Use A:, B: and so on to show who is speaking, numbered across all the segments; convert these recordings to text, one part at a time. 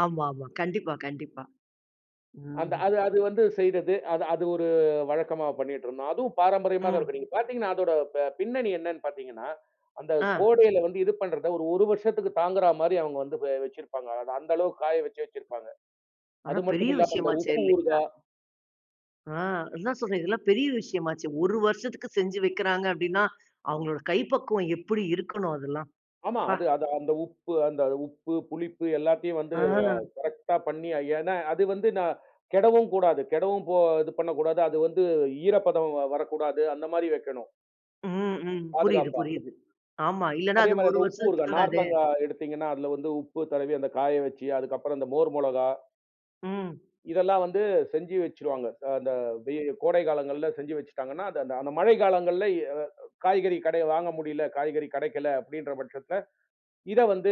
A: ஆமாமா. கண்டிப்பா, கண்டிப்பா.
B: அந்த
A: ம்.
B: அது அது வந்து செய்றது, அது அது ஒரு வழக்கமா பண்ணிட்டு இருந்தோம். அதுவும் பாரம்பரியமா தான்
A: ம்.
B: இருக்கும், நீங்க பார்த்தீங்கன்னா அதோட ப பின்னணி என்னன்னு பாத்தீங்கன்னா, அந்தக்
A: ஆ.
B: கோடைல வந்து இது பண்றத ஒரு ஒரு வருஷத்துக்கு தாங்குறா மாதிரி அவங்க வந்து வச்சிருப்பாங்க. அத அந்த அளவுக்குக் காய வச்சு வச்சிருப்பாங்க.
A: ஆனா,
B: அது
A: பெரிய
B: மட்டுமில்லாம அந்த
A: விஷயமாச்சே
B: உப்பு
A: இல்லையா?
B: ஊறுகா.
A: ஆ, அதான் சொல்றேன் இதெல்லாம் பெரிய விஷயமாச்சே. ஒரு வருஷத்துக்குச் செஞ்சு வைக்கிறாங்க அப்படின்னா, அவங்களோட கைப்பக்குவம் எப்படி இருக்கணும் அதெல்லாம்!
B: ஆமா
A: ப்பா.
B: அது அது அந்த உப்பு அந்த உப்பு, புளிப்பு எல்லாத்தையும் வந்து
A: அ.
B: கரெக்டா பண்ணி அ ஏன்னா, அது வந்து ந கெடவும் கூடாது, கெடவும் போ து பண்ணக்கூடாது. அது வந்து ஈரப்பதம் வரக்கூடாது. அந்த மாதிரி வெக்கணும்.
A: ம். ம். புரியுது,
B: பாதுகாப்பா.
A: புரியுது. ஆமா, இல்லன்னா
B: அதே
A: அது
B: மாதிரி
A: ஒரு
B: அந்த உப்பு
A: வருஷத்துக்குத்
B: ஊறுகா,
A: தாங்காதே!
B: நார்த்தங்கா எடுத்தீங்கன்னா அதுல வந்து உப்பு தடவி அந்த காய வச்சு அதுக்கப்புறம் அந்த மோர் மொளகா.
A: ம்.
B: இதெல்லாம் வந்து செஞ்சு வச்சிருவாங்க, த அந்த வெ கோடை காலங்கள்ல செஞ்சு வச்சுட்டாங்கன்னா, அது அந்த அந்த மழைக்காலங்கள்ல எ காய்கறி கடையில வாங்க முடியல. காய்கறி கெடைக்கல அப்படின்ற பட்சத்துல இத வந்து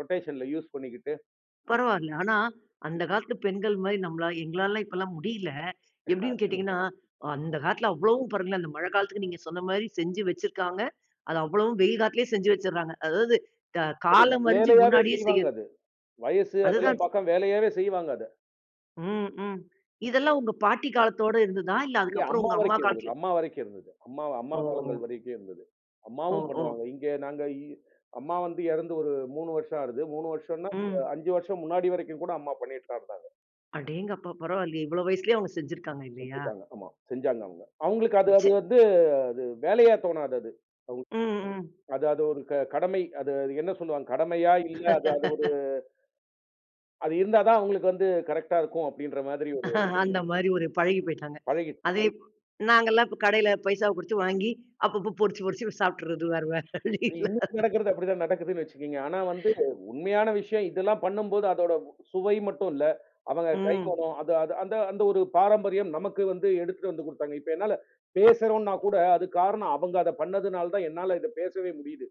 B: ரொட்டேஷன்ல யூஸ் பண்ணிக்கிட்டு.
A: பரவாயில்ல, ஆனா அந்தக் காலத்து பெண்கள் மாரி நம்மளால எங்களாலலாம் இப்பல்லாம் முடியல. எப்படின்னு
B: அது.
A: கேட்டீங்கன்னா அந்தக் காலத்துல அவ்வளவும் பாருங்களேன், அந்த மழைக்காலத்துக்கு நீங்கச் சொன்ன மாரி செஞ்சு வச்சிருக்காங்க. அத அவ்வளவும் வெயில் காலத்திலயே செஞ்சு வச்சிறாங்க. அதாவது கா
B: அது
A: காலம் அறிஞ்சு
B: வேலையாவே
A: முன்னாடியே
B: செய்வாங்க
A: செய்றது.
B: அது. வயசு
A: அதுதான்
B: அதெல்லாம் பாக்காம வேலையாவே செய்வாங்க அத.
A: ம். ம். இதெல்லாம் உங்க பாட்டி காலத்தோட இருந்ததா? இல்ல
B: இல்லயே
A: அதுக்கப்புறம்
B: அம்மா
A: உங்க அம்மா
B: வரைக்கும் இருந்தது,
A: காலத்துல
B: அம்மா வரைக்கும் இருந்தது. அம்மா அம்மா காலங்கள்
A: ஓ!
B: வரைக்கும் இருந்தது.
A: ஓ!
B: அம்மாவும் பண்ணுவாங்க
A: ஓ!
B: இங்க நாங்க, அம்மா வந்து எறந்து ஒரு 3 வருஷம் ஆறது. 3 வருஷம்ன்னா
A: ம்.
B: 5 வருஷம் முன்னாடி வரைக்கும் கூட அம்மா பண்ணிட்டு தான் இருந்தாங்க.
A: அடேங்கப்பா பரவாயில்லயே! இவ்வளவு வயசிலேயும் அவங்க செஞ்சிருக்காங்க இல்லையா?
B: செஞ்சிருக்காங்க. ஆமா செஞ்சாங்க அவுங்க. அவுங்களுக்கு அது அது
A: சே
B: வந்து, அது வேலையா தோணாது அது அவுங்
A: ம். ம்.
B: அது அது ஒரு கடமை. அது என்ன சொல்லுவாங்க. கடமையா இல்ல, அது அது ஒரு அது இருந்தாதான் அவுங்களுக்கு வந்து கரெக்டா இருக்கும் அப்படின்ற மாதிரி ஒரு
A: அந்த
B: விஷயம்.
A: மாரி ஒரு பழகிப் போயிட்டாங்க.
B: பழகிடுச்சு.
A: அதை நாங்கல்லாம் இப்ப கடையில பைசாவ குடுத்து வாங்கி அப்பப்ப பொரிச்சு பொரிச்சு சாப்பிட்டுறது வேற வேற வழி இல்ல
B: இன்னும்
A: அது.
B: நடக்குறது அப்படி தான் நடக்குதுன்னு வச்சுக்கோங்க. ஆனா வந்து உண்மையான விஷயம் இதெல்லாம் பண்ணும்போது அதோட சுவை மட்டும் இல்ல, அவங்க கை
A: ம்.
B: மணம். அது அது அந்த அந்த ஒரு பாரம்பரியம். நமக்கு வந்து எடுத்துட்டு வந்து கொடுத்தாங்க. இப்ப என்னால பேசுறோன்னா கூட அதுக்கு காரணம் அவங்க அத பண்ணதுனால தான் என்னால இத பேசவே முடியுது.